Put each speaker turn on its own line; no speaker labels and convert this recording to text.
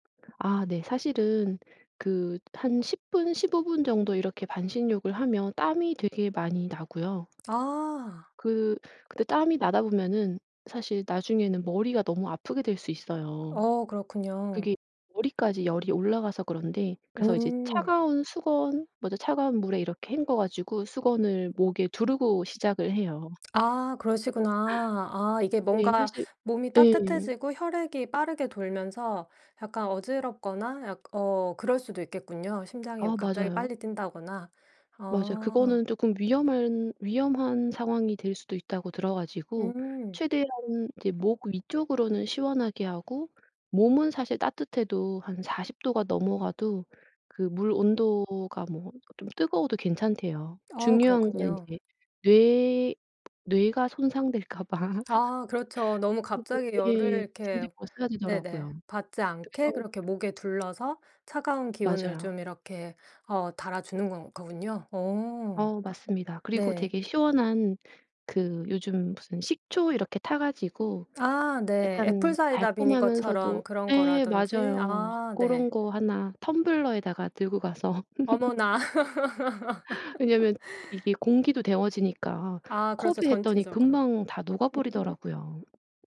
아 네. 사실은 그 한 10 분, 15 분 정도 이렇게 반신욕을 하면 땀이 되게 많이 나고요.
아.
그 그때 땀이 나다 보면은 사실 나중에는 머리가 너무 아프게 될 수 있어요.
어 그렇군요.
그게 머리까지 열이 올라가서 그런데 그래서 이제
음.
차가운 수건, 먼저 차가운 물에 이렇게 헹궈가지고 수건을 목에 두르고 시작을 해요.
아 그러시구나. 아 이게
네.
뭔가
사실
몸이
예.
따뜻해지고 혈액이 빠르게 돌면서 약간 어지럽거나 약 어 그럴 수도 있겠군요. 심장이
아
갑자기
맞아요.
빨리 뛴다거나.
맞아요.
어.
그거는 조금 위험한 위험한 상황이 될 수도 있다고 들어가지고
음.
최대한 이제 목 위쪽으로는 시원하게 하고 몸은 사실 따뜻해도 한 40 도가 넘어가도 그 물 온도가 뭐 좀 뜨거워도 괜찮대요.
어
중요한 건
그렇군요.
이제 뇌 뇌가 손상될까 봐.
아 그렇죠. 너무 갑자기
[unintelligible]
열을
예.
이렇게
심지어
네네.
버싸지더라고요.
받지 않게
그래서
그렇게 목에 둘러서 차가운 기운을
맞아요.
좀 이렇게 어 달아주는 거 거군요. 어.
어 맞습니다. 그리고
네.
되게 시원한 그 요즘 무슨 식초 이렇게 타 가지고
아 네.
약간
애플사이다 비니거처럼
달콤하면서도
그런
예.
거라든지.
맞아요.
아 네.
고런 거 1 텀블러에다가 들고 가서
어머나.
왜냐면 이게 공기도 데워지니까
아
컵에
그렇죠.
했더니
전체적으로.
금방 다 녹아
음.
버리더라고요.